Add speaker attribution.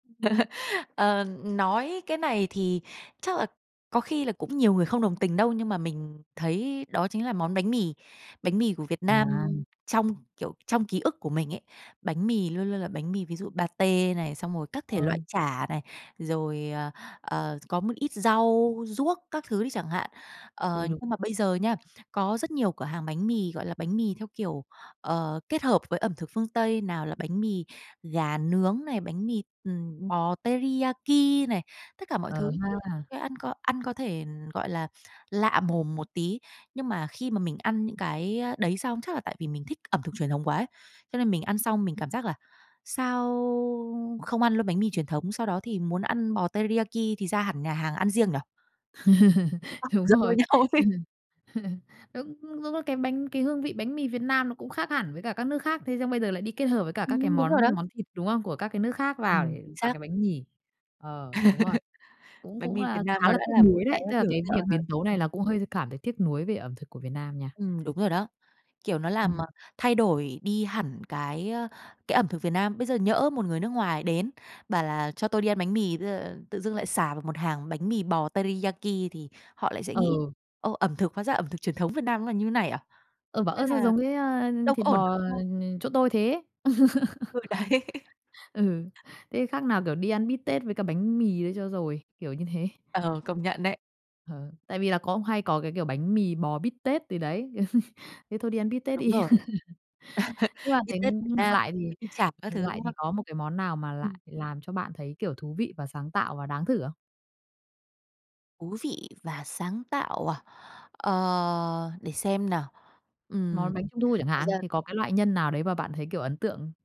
Speaker 1: Ờ, ừm, nói cái này thì chắc là có khi là cũng nhiều người không đồng tình đâu, nhưng mà mình thấy đó chính là món bánh mì. Bánh mì của Việt Nam
Speaker 2: À.
Speaker 1: trong, kiểu, trong ký ức của mình ấy, bánh mì luôn luôn là bánh mì, ví dụ patê này, xong rồi các thể loại
Speaker 2: Ừ.
Speaker 1: chả này, rồi, ờ, ờ, có một ít rau, ruốc các thứ đi chẳng hạn. Ờ,
Speaker 2: Ừ, đúng.
Speaker 1: nhưng mà bây giờ nha, có rất nhiều cửa hàng bánh mì, gọi là, bánh mì theo kiểu, ờ, kết hợp với ẩm thực phương Tây, nào là bánh mì gà nướng này, bánh mì, ừm, bò teriyaki này, tất cả mọi
Speaker 2: Ờ
Speaker 1: thứ,
Speaker 2: ha.
Speaker 1: ăn có ăn có thể, gọi là, lạ mồm một tí. Nhưng mà khi mà mình ăn những cái đấy xong, chắc là tại vì mình thích ẩm thực truyền thống quá ấy, cho nên mình ăn xong mình cảm giác là sao không ăn luôn bánh mì truyền thống, sau đó thì muốn ăn bò teriyaki thì ra hẳn nhà hàng ăn riêng nhỉ? [unintelligible]
Speaker 2: Đúng
Speaker 1: Rắc rối
Speaker 2: rồi.
Speaker 1: nhau thế.
Speaker 2: Đúng, đúng là cái bánh cái hương vị bánh mì Việt Nam nó cũng khác hẳn với cả các nước khác, thế xong bây giờ lại đi kết hợp với cả các cái
Speaker 1: Ừm, đúng rồi
Speaker 2: món
Speaker 1: đó.
Speaker 2: món thịt, đúng không, của các cái nước khác vào
Speaker 1: Ừm, chính
Speaker 2: vào
Speaker 1: xác.
Speaker 2: cái bánh mì. Ờ, đúng rồi, cũng
Speaker 1: Bánh
Speaker 2: cũng
Speaker 1: mì Việt
Speaker 2: là
Speaker 1: Nam
Speaker 2: khá
Speaker 1: nó
Speaker 2: là
Speaker 1: đã
Speaker 2: tiếc
Speaker 1: là một
Speaker 2: nuối
Speaker 1: cái
Speaker 2: đấy, tức là
Speaker 1: biểu
Speaker 2: cái việc
Speaker 1: tượng rồi,
Speaker 2: biến tấu này
Speaker 1: ừm.
Speaker 2: là cũng hơi cảm thấy tiếc nuối về ẩm thực của Việt Nam nha.
Speaker 1: Ừm, đúng rồi đó. Kiểu, nó làm
Speaker 2: Ừm.
Speaker 1: thay đổi đi hẳn cái, ờ, cái ẩm thực Việt Nam. Bây giờ nhỡ một người nước ngoài đến, bảo là "cho tôi đi ăn bánh mì", ờ, tự dưng lại sà vào một hàng bánh mì bò teriyaki thì họ lại sẽ nghĩ:
Speaker 2: Ờ.
Speaker 1: "Ơ, ẩm thực hóa ra ẩm thực truyền thống Việt Nam nó là như thế này à?"
Speaker 2: Ừ, bảo:
Speaker 1: Thế
Speaker 2: "Ơ, sao
Speaker 1: là,
Speaker 2: giống cái, a,
Speaker 1: đâu có
Speaker 2: thịt
Speaker 1: ổn,
Speaker 2: bò
Speaker 1: đúng không?
Speaker 2: chỗ tôi thế?"
Speaker 1: Ừ, đấy.
Speaker 2: Ừ, thế khác nào, kiểu, đi ăn bít tết với cả bánh mì đấy cho rồi, kiểu như thế.
Speaker 1: Ờ, công nhận đấy.
Speaker 2: Ừ, tại vì là có hay có cái kiểu bánh mì bò bít tết gì đấy, thế thôi đi ăn bít
Speaker 1: À,
Speaker 2: tết
Speaker 1: đúng
Speaker 2: đi.
Speaker 1: rồi.
Speaker 2: Nhưng mà
Speaker 1: Bít
Speaker 2: thấy
Speaker 1: tết Việt
Speaker 2: ngược
Speaker 1: Nam,
Speaker 2: lại thì
Speaker 1: bánh mì chảo các
Speaker 2: ngược
Speaker 1: thứ,
Speaker 2: lại
Speaker 1: đúng
Speaker 2: thì
Speaker 1: không?
Speaker 2: có một cái món nào mà lại
Speaker 1: Ừm.
Speaker 2: làm cho bạn thấy, kiểu, thú vị và sáng tạo và đáng thử không?
Speaker 1: Thú vị và sáng tạo à? Ờ, để xem nào, ừm,
Speaker 2: Món bánh trung thu chẳng
Speaker 1: thật
Speaker 2: hạn,
Speaker 1: ra
Speaker 2: thì có cái loại nhân nào đấy mà bạn thấy, kiểu, ấn tượng?